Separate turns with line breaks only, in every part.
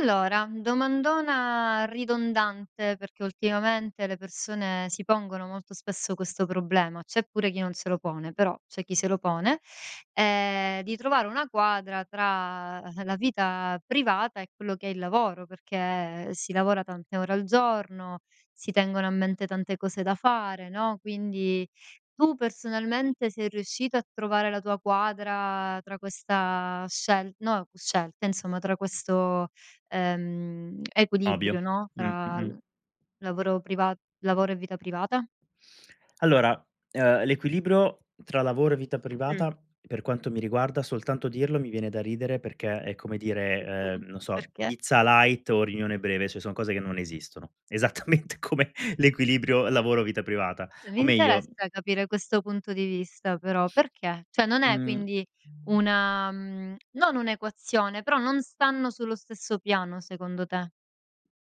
Allora, domandona ridondante, perché, ultimamente, le persone si pongono molto spesso questo problema. C'è pure chi non se lo pone, però, c'è chi se lo pone, ehm, di trovare una quadra tra la vita privata, e quello che è il lavoro, perché si lavora tante ore al giorno, si tengono a mente tante cose da fare, no, quindi, tu, personalmente, sei riuscito a trovare la tua quadra tra questa scel no, scelta, insomma, tra questo, ehm,
Ovvio,
equilibrio, no,
mh,
tra
mh, mh.
l lavoro privat lavoro e vita privata?
Allora, ehm, l'equilibrio tra lavoro e vita
Mh.
privata, per quanto mi riguarda, soltanto dirlo, mi viene da ridere, perché è come dire, ehm, non so,
Perché?
pizza light o riunione breve, cioè son cose che non esistono, esattamente come l'equilibrio lavoro vita privata.
Mi
O meglio
interessa capire questo punto di vista, però. Perché cioè, non è,
Mh
quindi, una mhmm, non un'equazione, però non stanno sullo stesso piano, secondo te?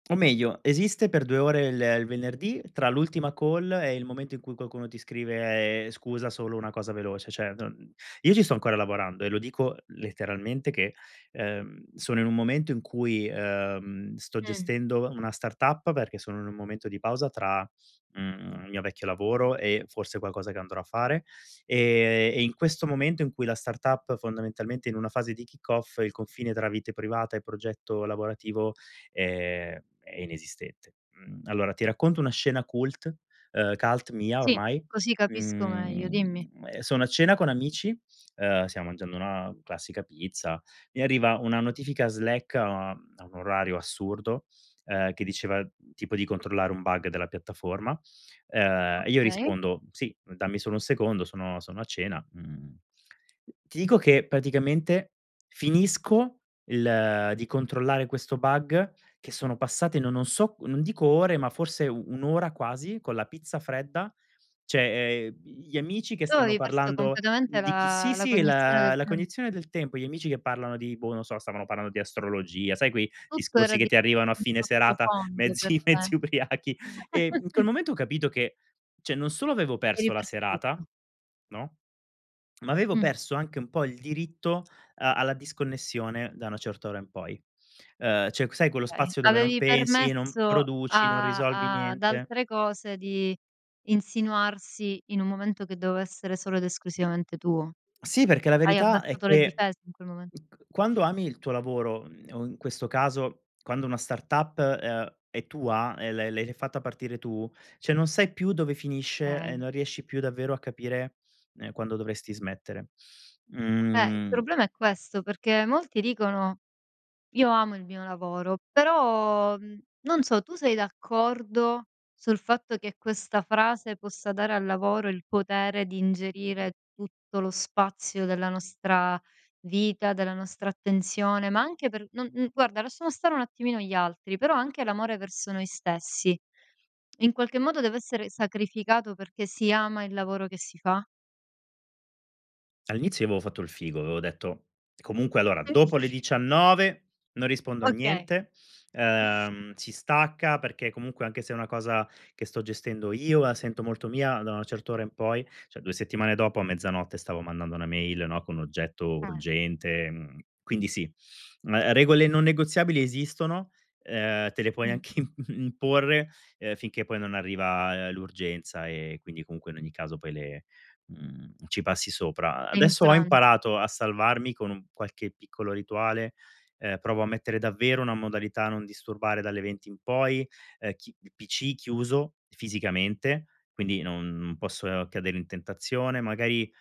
O meglio, esiste per 2 ore, il il venerdì, tra l'ultima call e il momento in cui qualcuno ti scrive: "Scusa, solo una cosa veloce". Cioè, non io ci sto ancora lavorando, eh. Lo dico letteralmente che, ehm, sono in un momento in cui, ehm, sto
Mh.
gestendo una startup, perché sono in un momento di pausa tra, mhmm, il mio vecchio lavoro e, forse, qualcosa che andrò a fare. E e in questo momento, in cui la startup, fondamentalmente, è in una fase di kick off, il confine tra vite privata e progetto lavorativo, ehm, è inesistente. Mhmm, allora, ti racconto una scena cult ehm, cult mia,
Sì,
ormai.
così capisco meglio, dimmi.
Uhm, sono a cena con amici, ehm, stiamo mangiando una classica pizza, mi arriva una notifica Slack a a un orario assurdo, ehm, che diceva tipo di controllare un bug della piattaforma. Ehm, io
Okay.
rispondo: "Sì, dammi solo 1 secondo, sono sono a cena", mhmm, ti dico che, praticamente, finisco il di controllare questo bug che sono passate, no non so, non dico ore, ma forse 1 ora, quasi, con la pizza fredda; cioè, ehm, gli amici che
Tu
stanno
avevi perso
parlando
completamente
di chi
la
sì,
la
sì,
cognizione del
la, la
tem
cognizione del tempo, gli amici che parlano di boh, non lo so, stavano parlando di astrologia, sai quei
Tutto era
discorsi
di
che ti arrivano a
un
fine serata,
sottofondo per
mezzi mezzi
te.
ubriachi. E in quel momento ho capito che, cioè non solo avevo
Eri
perso la
perso tutto.
serata, no, ma avevo
Mh.
perso anche un po' il diritto a alla disconnessione da una certa ora in poi. Ehm, cioè, sai quello
Okay.
spazio dove non
Avevi
pensi, non
permesso
produci, non
a
risolvi
ad
niente.
altre cose, di insinuarsi, in un momento che doveva essere solo ed esclusivamente tuo.
Sì, perché la
Hai
verità è
abbassato le
che,
difese in quel momen
m c quando ami il tuo lavoro o, in questo caso, quando una startup, uhm, è tua, e l' l’hai fatta partire tu, cioè, non sai più dove finisce e
Okay.
non riesci più, davvero, a capire, ehm, quando dovresti smettere.
Eh, il
Mhmm
problema è questo, perché molti dicono: "Io amo il mio lavoro". Però, mhmm, non so, tu sei d'accordo sul fatto che questa frase, possa dare al lavoro il potere di ingerire tutto lo spazio della nostra vita, della nostra attenzione, ma anche per non n guarda, lasciamo stare un attimino gli altri, però anche l'amore verso noi stessi. In qualche modo deve essere sacrificato perché si ama il lavoro che si fa?
All'inizio io avevo fatto il figo, avevo detto: "Comunque, allora, dopo le
[unintelligible]
19 non rispondo a
Okay.
niente. Ehm, si stacca, perché, comunque, anche se è una cosa che sto gestendo io, la sento molto mia, da una certa ora in poi". Cioè, 2 settimane dopo, a mezzanotte, stavo mandando 1 mail, no, con oggetto
Eh.
urgente, mhmm, quindi sì. Mhmm, uhm, regole non negoziabili esistono, ehm, te le puoi
Mh.
anche imporre finché, poi, non arriva l'urgenza e quindi, comunque, in ogni caso, poi le mhmm, ci passi sopra. Adesso ho
Infranti.
imparato a salvarmi, con un qualche piccolo rituale, ehm, provo a mettere davvero una modalità non disturbare dalle 20:00 in poi. Ehm, chi il PC chiuso, fisicamente, quindi non posso cadere in tentazione. Magari,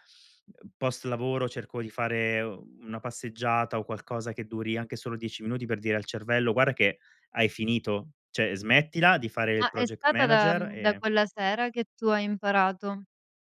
post lavoro, cerco di fare una passeggiata, o qualcosa che duri anche solo 10 minuti per dire al cervello: "Guarda che hai finito, cioè, smettila di fare il
Ah, è
project
stata da
manager,
mhmm, da
e"
quella sera, che tu hai imparato,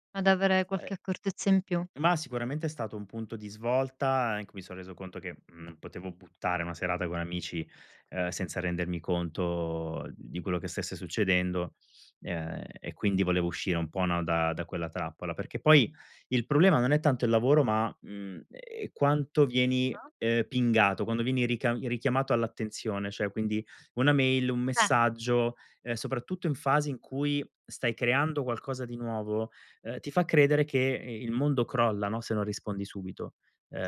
ad avere
Eh
qualche accortezza in più?
Ma sicuramente è stato un punto di svolta, anche mi sono reso conto che, mhmm, non potevo buttare una serata con amici, ehm, senza rendermi conto di quello che stesse succedendo, ehm, e quindi volevo uscire un po', no, da da quella trappola. Perché, poi, il problema non è tanto il lavoro ma, mhmm, ehm, quanto vieni,
Ah.
ehm, pingato, quando vieni ricam richiamato all'attenzione, cioè, quindi, 1 mail, 1
Eh!
messaggio, ehm, soprattutto in fasi in cui stai creando qualcosa di nuovo, ehm, ti fa credere che il mondo crolla, no, se non rispondi subito.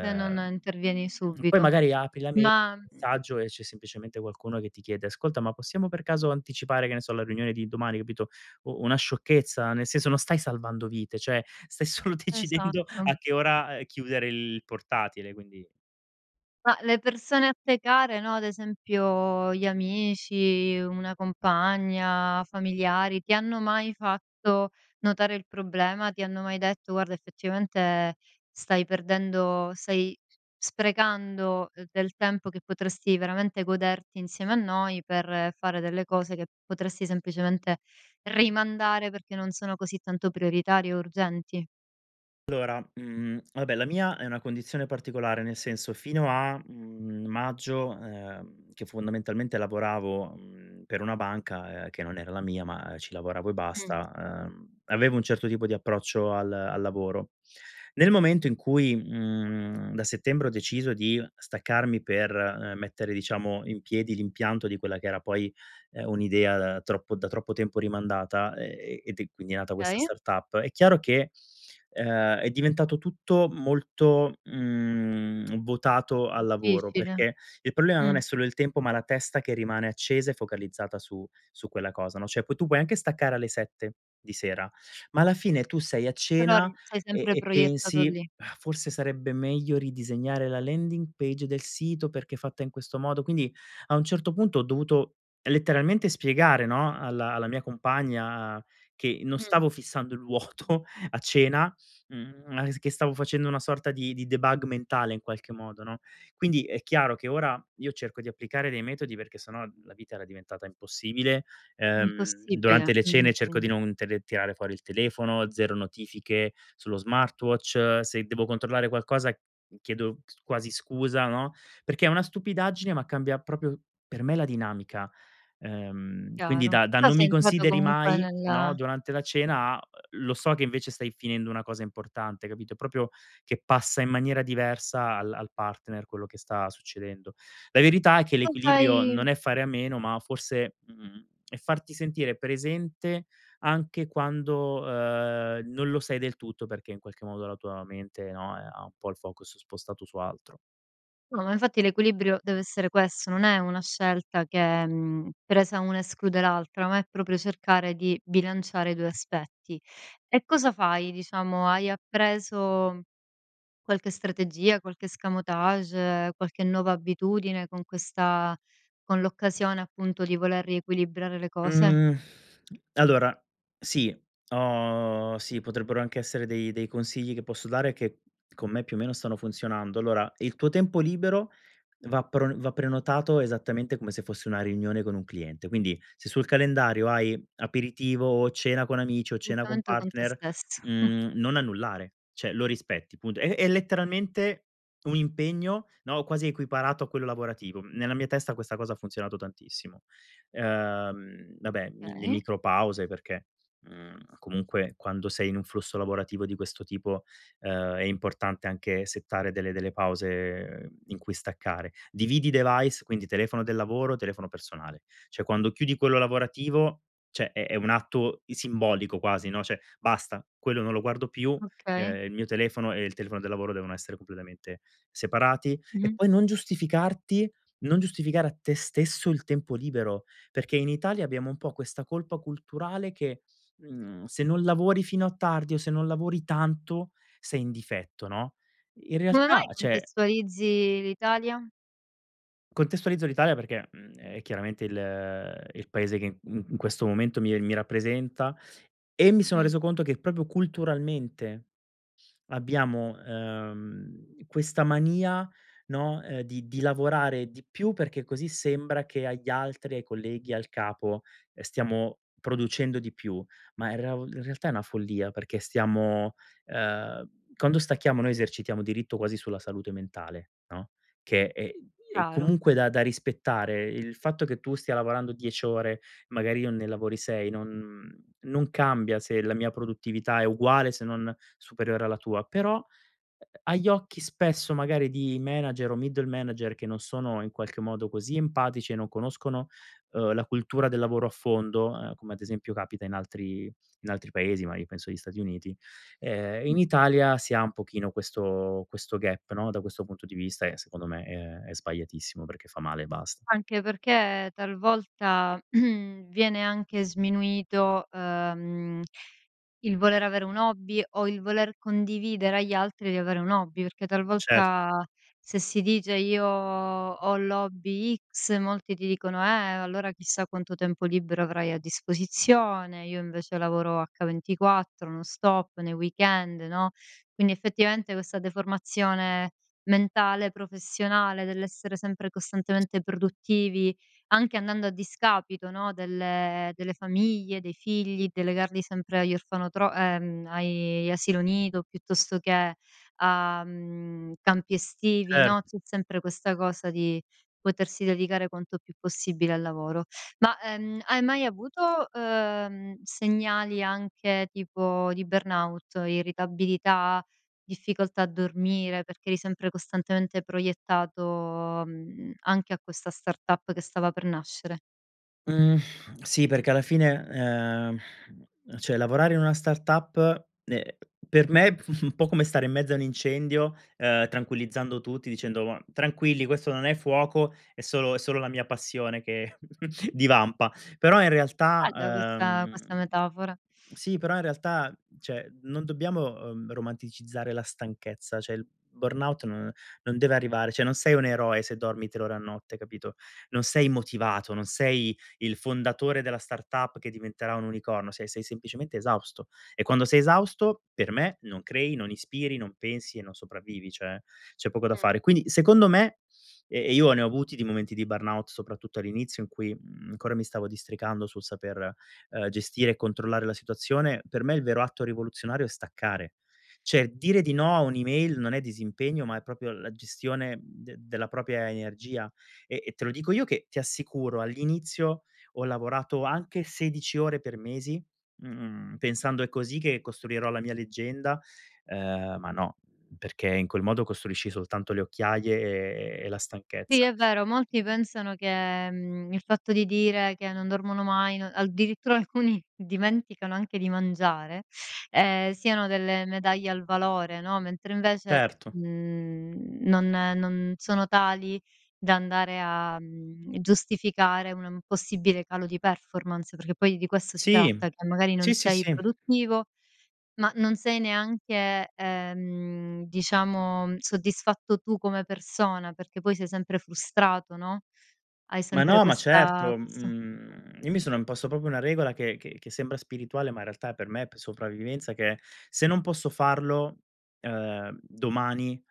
Se non intervieni
poi,
subito.
magari, apri la mai
Ma, mhmm
messaggio, e c'è semplicemente qualcuno che ti chiede: "Ascolta, ma possiamo, per caso, anticipare, che ne so, la riunione di domani?" Capito, u una sciocchezza. Nel senso, non stai salvando vite, cioè, stai solo decidendo
Esatto.
a che ora chiudere il portatile, quindi
Ma, le persone a te care, no, ad esempio, gli amici, una compagna, familiari; ti hanno mai fatto notare il problema? Ti hanno mai detto: "Guarda, effettivamente, stai perdendo stai sprecando del tempo, che potresti, veramente, goderti insieme a noi, per fare delle cose che potresti, semplicemente rimandare perché non sono così tanto prioritarie o urgenti"?
Allora, mhmm, vabbè, la mia è una condizione particolare. Nel senso, fino a, mhmm, maggio, ehm, che fondamentalmente lavoravo, mhmm, per una banca, ehm, che non era la mia, ma ci lavoravo e
Mh.
basta, ehm, avevo un certo tipo di approccio al al lavoro. Nel momento in cui, mhmm, da settembre, ho deciso di staccarmi per, ehm, mettere, diciamo, in piedi l'impianto di quella che era, poi, ehm, un'idea da troppo da troppo tempo rimandata, e ed è quindi è nata questa
Okay.
startup. È chiaro che, ehm, è diventato tutto molto, mhmm, votato al lavoro
Difficile,
perché il problema non è
mh.
solo il tempo, ma la testa che rimane accesa e focalizzata su su quella cosa, no, cioè, poi tu puoi anche staccare alle 7:00 di sera ma, alla fine, tu sei a
Però
cena
eri sei
e
sempre
e
proiettato
pensi:
lì.
"Forse sarebbe meglio ridisegnare la landing page del sito, perché fatta in questo modo" quindi, a un certo punto, ho dovuto letteralmente spiegare, no, alla alla mia compagna che non
Mh.
stavo fissando il vuoto a cena, mhmm, ma che stavo facendo una sorta di di debug mentale, in qualche modo, no, quindi, è chiaro che ora io cerco di applicare dei metodi perché se no, la vita era diventata impossibile. Ehm,
Impossibile.
durante le cene cerco
[unintelligible]
di non tele tirare fuori il telefono, 0 notifiche sullo smartwatch, se devo controllare qualcosa chiedo sc quasi scusa, no, perché è una stupidaggine ma cambia, proprio per me la dinamica, ehm, quindi
Chiaro,
da da:
però
"non
sei
mi
entrato
consideri
comunque
mai,"
nel
no, durante la cena, a: "lo so che, invece, stai finendo una cosa importante," capito? Proprio che passa in maniera diversa al al partner quello che sta succedendo. La verità è che
Non
l'equilibrio
sei
non è fare a meno ma, forse, mhmm, è farti sentire presente anche quando, ehm, non lo sei del tutto perché, in qualche modo, la tua mente, no, eh, ha un po' il focus spostato su altro.
No, ma infatti l'equilibrio deve essere questo. Non è una scelta che mhmm, presa 1 esclude l'altra, ma è proprio cercare di bilanciare i due aspetti. E cosa fai diciamo, hai appreso qualche strategia, qualche escamotage, qualche nuova abitudine con questa con l'occasione appunto di voler riequilibrare le cose?
Mhmm, allora, sì, ho sì, potrebbero anche essere dei dei consigli che posso dare che con me più o meno stanno funzionando. Allora, il tuo tempo libero va pron va prenotato esattamente come se fosse una riunione con un cliente. Quindi se sul calendario hai aperitivo o cena con amici o cena con
Intanto con te
partner,
stesso.
mhmm, non annullare. Cioè lo rispetti, punto. È è letteralmente un impegno, no, quasi equiparato a quello lavorativo. Nella mia testa questa cosa ha funzionato tantissimo. Ehm, vabbè, i le
Okay.
micro pause perché, mhmm, comunque quando sei in un flusso lavorativo di questo tipo, ehm, è importante anche settare delle delle pause in cui staccare. Dividi i device, quindi telefono del lavoro, telefono personale. Cioè, quando chiudi quello lavorativo, cioè è è un atto simbolico quasi, no. Cioè: "Basta, quello non lo guardo più",
Okay.
ehm, il mio telefono e il telefono del lavoro devono essere completamente separati. E
Mh-mh.
poi non giustificarti, non giustificare a te stesso il tempo libero perché in Italia abbiamo un po' questa colpa culturale che, mhmm, se non lavori fino a tardi o se non lavori tanto sei in difetto, no? In
Come
realtà,
mai
cioè
contestualizzi l'Italia?
Contestualizzo l'Italia perché, mhmm, è chiaramente il il Paese che, mhmm, in questo momento mi mi rappresenta, e mi sono
Mh.
reso conto che proprio culturalmente abbiamo, ehm, questa mania, no, ehm, di di lavorare di più perché così sembra che agli altri, ai colleghi, al capo, ehm, stiamo producendo di più. Ma in reav in realtà è una follia, perché stiamo ehm, quando stacchiamo noi esercitiamo diritto quasi sulla salute mentale, no, che è è
Caro.
comunque da da rispettare; il fatto che tu stia lavorando 10 ore magari io ne lavori 6 non non cambia se la mia produttività è uguale se non superiore alla tua. Però, uhm, agli occhi spesso magari di manager o middle manager che non sono in qualche modo, così empatici e non conoscono, uhm, la cultura del lavoro a fondo, ehm, come ad esempio capita in altri in altri Paesi, magari penso agli Stati Uniti, ehm, in
Mh-mh.
Italia si ha un pochino questo questo gap no, da questo punto di vista e secondo me, è è sbagliatissimo perché fa male e basta.
Anche perché talvolta, viene anche sminuito, ehm, il voler avere un hobby o il voler condividere agli altri di avere un hobby perché
Cert
talvolta se si dice: "Io ho l'hobby x" molti ti dicono: "Eh allora chissà quanto tempo libero avrai a disposizione, io invece lavoro H24, no stop, nei weekend". No. Quindi effettivamente questa deformazione mentale, professionale, dell'essere sempre
S
costantemente produttivi, anche andando a discapito, no, delle delle famiglie, dei figli, delegarli sempre agli orfanotro ehm, ai gli asilo nido piuttosto che a, mhmm, campi estivi,
Cer
no. C'è sempre questa cosa di potersi dedicare quanto più possibile al lavoro. Ma, ehm, hai mai avuto, ehm, segnali anche tipo di burnout, irritabilità, difficoltà a dormire, perché eri sempre costantemente proiettato, mhmm, anche a questa startup che stava per nascere?
Mhmm, sì perché alla fine, ehm, cioè lavorare in una startup, uhm, per me un po' come stare in mezzo a un incendio, ehm, tranquillizzando tutti dicendo: "Tranquilli questo non è fuoco, è solo è solo la mia passione che divampa". Però in realtà,
Bella questa
ehm
questa metafora.
sì però in realtà cioè, non dobbiamo, ehm, romanticizzare la stanchezza, cioè il burnout no non deve arrivare cioè non sei un eroe se dormi 3 ore a notte, capito? Non sei motivato, non sei il fondatore della startup che diventerà un unicorno, sei sei semplicemente esausto; e quando sei esausto per me non crei, non ispiri, non pensi e non sopravvivi, cioè, c'è poco da
Mh.
fare. Quindi secondo me, e e io ne ho avuti di momenti di burnout soprattutto all'inizio in cui, mhmm, ancora mi stavo districando sul saper, ehm, gestire e controllare la situazione, per me il vero atto rivoluzionario è staccare. Cioè dire di no a un'email non è disimpegno ma è proprio la gestione de della propria energia e e te lo dico io che, ti assicuro, all'inizio ho lavorato anche 16 ore per mesi, mhmm, pensando: "È così che costruirò la mia leggenda", ehm, ma no, perché in quel modo costruisci soltanto le occhiaie, e e la
Sì
stanchezza.
è vero, molti
Mhmm
pensano che, mhmm, il fatto di dire che non dormono mai no addirittura alcuni dimenticano anche di mangiare, ehm, siano delle medaglie al valore, no. Mentre invece,
Certo.
mhmm, non non sono tali da andare a, mhmm, giustificare una un possibile calo di performance perché poi di questo si
Sì,
tratta che magari non
sì, sì,
sei
sì.
produttivo, ma non sei neanche, ehm, diciamo soddisfatto tu come persona, perché poi sei sempre frustrato no. Hai
Ma
sempre
no, ma
questa
certo,
questa
mhmm, io mi sono imposto proprio una regola che che che sembra spirituale, ma in realtà è per me p sopravvivenza che è: se non posso farlo, ehm, domani,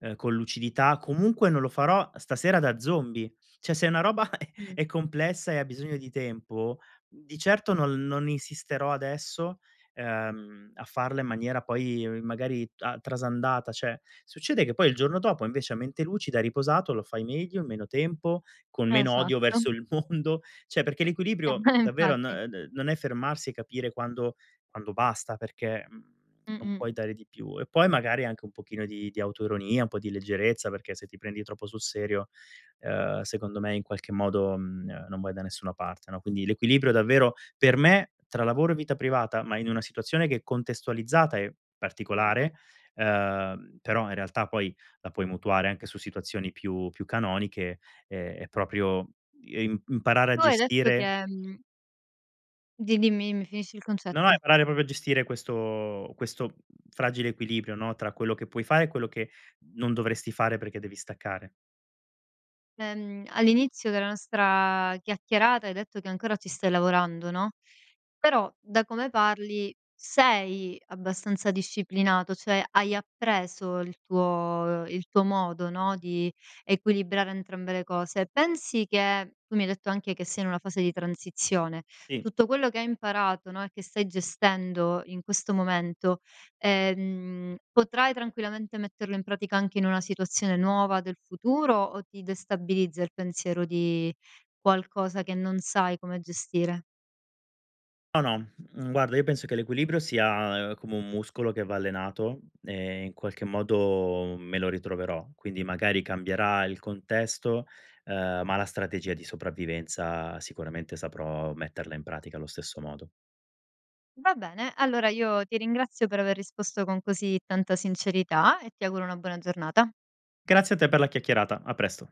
ehm, con lucidità comunque non lo farò stasera da zombie. Cioè se una roba
Mh.
è complessa e ha bisogno di tempo, di certo non l non insisterò adesso, ehm, a farla in maniera poi magari t a trasandata cioè. Succede che poi il giorno dopo invece a mente lucida, riposato, lo fai meglio, in meno tempo, con meno odio
Esatto.
verso il mondo. Cioè perché
Eh
l'equilibrio
beh,
davvero, no
infatti.
uhm, d non è fermarsi e capire quando quando basta perché, mhmm, non
Mh-mh.
puoi dare di più e poi magari anche un pochino di di autoironia, un po' di leggerezza perché se ti prendi troppo sul serio, ehm, secondo me in qualche modo, mhmm, non vai da nessuna parte, no? Quindi l'equilibrio davvero, per me tra lavoro e vita privata, ma in una situazione che è contestualizzata e
Mh-mh.
particolare, ehm, però in realtà poi la puoi mutuare anche su situazioni più più canoniche è proprio, uhm, imp imparare a
Tu hai detto
gestire
che, mhmm Di dimmi, finisci il
No, no
concetto.
imparare proprio a gestire questo questo fragile equilibrio, no, tra quello che puoi fare e quello che non dovresti fare perché devi staccare.
Ehm, all'inizio della nostra chiacchierata hai detto che ancora ci stai lavorando, no. Però, da come parli sei abbastanza disciplinato, cioè hai appreso il tuo il tuo modo, no, di equilibrare entrambe le cose. Pensi che tu mi hai detto anche che sei in una fase di transizione,
Sì.
tutto quello che hai imparato, no, e che stai gestendo in questo momento, ehm, potrai tranquillamente metterlo in pratica anche in una situazione nuova del futuro, o ti destabilizza il pensiero di qualcosa che non sai come gestire?
No, no, mhmm, guarda io penso che l'equilibrio sia, ehm, come un muscolo che va allenato e in qualche modo me lo ritroverò. Quindi magari cambierà il contesto, ehm, ma la strategia di sopravvivenza sicuramente saprò metterla in pratica allo stesso modo.
Va bene, allora io ti ringrazio per aver risposto con così tanta sincerità e ti auguro una buona giornata.
Grazie a te per la chiacchierata. A presto.